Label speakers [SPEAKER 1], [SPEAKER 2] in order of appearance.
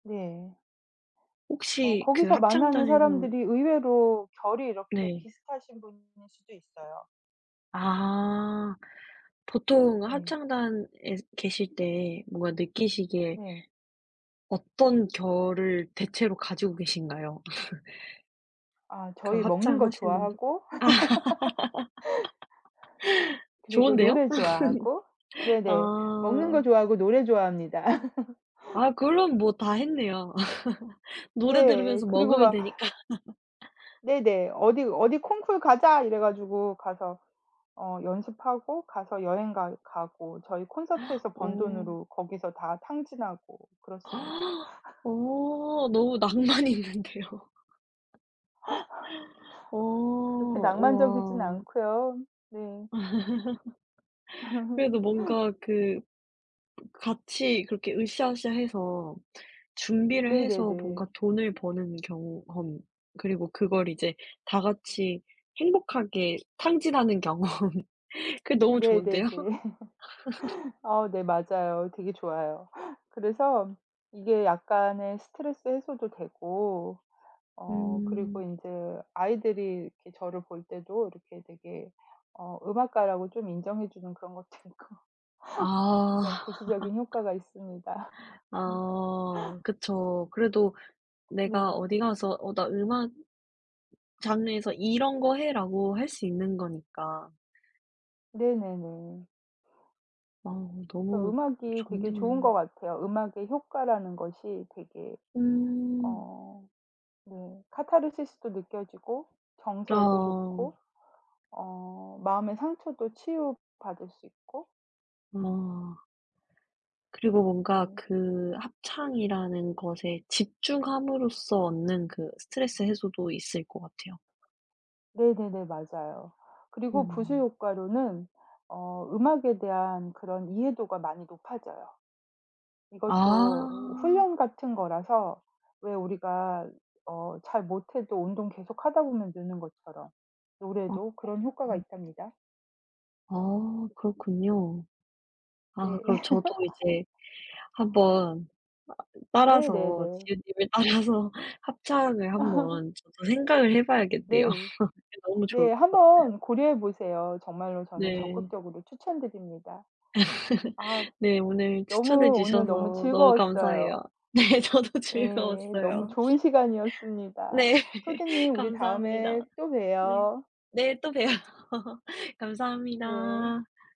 [SPEAKER 1] 네. 어
[SPEAKER 2] 혹시 그
[SPEAKER 1] 거기서 만나는
[SPEAKER 2] 합창단에서
[SPEAKER 1] 사람들이 의외로 결이 이렇게
[SPEAKER 2] 네.
[SPEAKER 1] 비슷하신 분일 수도 있어요.
[SPEAKER 2] 아. 보통
[SPEAKER 1] 네.
[SPEAKER 2] 합창단에 계실 때 뭔가 느끼시기에
[SPEAKER 1] 네.
[SPEAKER 2] 어떤 결을 대체로 가지고 계신가요?
[SPEAKER 1] 아
[SPEAKER 2] 그
[SPEAKER 1] 저희 먹는 거
[SPEAKER 2] 합창하신 분들
[SPEAKER 1] 좋아하고 그리고
[SPEAKER 2] 좋은데요?
[SPEAKER 1] 노래 좋아하고 네네. 먹는 거
[SPEAKER 2] 아.
[SPEAKER 1] 좋아하고 노래 좋아합니다.
[SPEAKER 2] 아 그럼 뭐 다 했네요. 노래
[SPEAKER 1] 네.
[SPEAKER 2] 들으면서
[SPEAKER 1] 그리고
[SPEAKER 2] 먹으면
[SPEAKER 1] 막
[SPEAKER 2] 되니까.
[SPEAKER 1] 네네. 어디 어디 콩쿨 가자 이래 가지고 가서 어 연습하고 가서 여행 가 가고 저희 콘서트에서 번
[SPEAKER 2] 어.
[SPEAKER 1] 돈으로 거기서 다 탕진하고 그렇습니다.
[SPEAKER 2] 어. 너무 낭만이 있는데요. 어.
[SPEAKER 1] 그렇게 낭만적이진
[SPEAKER 2] 와.
[SPEAKER 1] 않고요. 네.
[SPEAKER 2] 그래도 뭔가 그 같이 그렇게 으쌰으쌰 해서 준비를 해서 뭔가
[SPEAKER 1] 네네네.
[SPEAKER 2] 돈을 버는 경험 그리고 그걸 이제 다 같이 행복하게 탕진하는 경험 그게 너무
[SPEAKER 1] 네네네.
[SPEAKER 2] 좋은데요.
[SPEAKER 1] 어 네. 맞아요. 되게 좋아요. 그래서 이게 약간의 스트레스 해소도 되고 어
[SPEAKER 2] 음.
[SPEAKER 1] 그리고 인제 아이들이 이렇게 저를 볼 때도 이렇게 되게 어 음악가라고 좀 인정해 주는 그런 것도 있고
[SPEAKER 2] 아.
[SPEAKER 1] 그런 부수적인 효과가 있습니다. 음.
[SPEAKER 2] 아. 그쵸. 그래도 내가
[SPEAKER 1] 네.
[SPEAKER 2] 어디가서 "어 나 음악 장르에서 이런 거 해."라고 할 수 있는 거니까.
[SPEAKER 1] 네네네.
[SPEAKER 2] 아. 너무
[SPEAKER 1] 음악이 되게 좋은
[SPEAKER 2] 좋네요.
[SPEAKER 1] 것 같아요. 음악의 효과라는 것이 되게
[SPEAKER 2] 음.
[SPEAKER 1] 어 네 카타르시스도 느껴지고 정서에도
[SPEAKER 2] 아.
[SPEAKER 1] 좋고 어 마음의 상처도 치유 받을 수 있고
[SPEAKER 2] 아. 그리고 뭔가
[SPEAKER 1] 네.
[SPEAKER 2] 그 합창이라는 것에 집중함으로써 얻는 그 스트레스 해소도 있을 것 같아요.
[SPEAKER 1] 네네네. 맞아요. 그리고 부수
[SPEAKER 2] 아.
[SPEAKER 1] 효과로는 어 음악에 대한 그런 이해도가 많이 높아져요.
[SPEAKER 2] 아.
[SPEAKER 1] 이것도 훈련 같은 거라서 왜 우리가 어 잘 못해도 운동 계속 하다 보면 느는 것처럼 노래도 그런 효과가
[SPEAKER 2] [unintelligible]
[SPEAKER 1] 있답니다.
[SPEAKER 2] 아 그렇군요. 아
[SPEAKER 1] 네.
[SPEAKER 2] 그럼 저도 이제 한번 아 따라서
[SPEAKER 1] 네네네.
[SPEAKER 2] 지은님을 따라서 합창을 한번 저도 생각을 해봐야겠네요.
[SPEAKER 1] 네.
[SPEAKER 2] 네 너무 좋을
[SPEAKER 1] 네.
[SPEAKER 2] 것 같아요.
[SPEAKER 1] 한번 고려해 보세요. 정말로 저는
[SPEAKER 2] 네.
[SPEAKER 1] 적극적으로 추천드립니다. 아
[SPEAKER 2] 네. 오늘 추천해
[SPEAKER 1] 너무 오늘 너무
[SPEAKER 2] 주셔서 너무
[SPEAKER 1] 즐거웠어요.
[SPEAKER 2] 감사해요. 네. 저도
[SPEAKER 1] 예. 너무
[SPEAKER 2] 즐거웠어요.
[SPEAKER 1] 좋은 시간이었습니다.
[SPEAKER 2] 네.
[SPEAKER 1] 소디님 우리 다음에
[SPEAKER 2] 감사합니다.
[SPEAKER 1] 또
[SPEAKER 2] 네.
[SPEAKER 1] 봬요.
[SPEAKER 2] 네 또 봬요.
[SPEAKER 1] 네.
[SPEAKER 2] 감사합니다.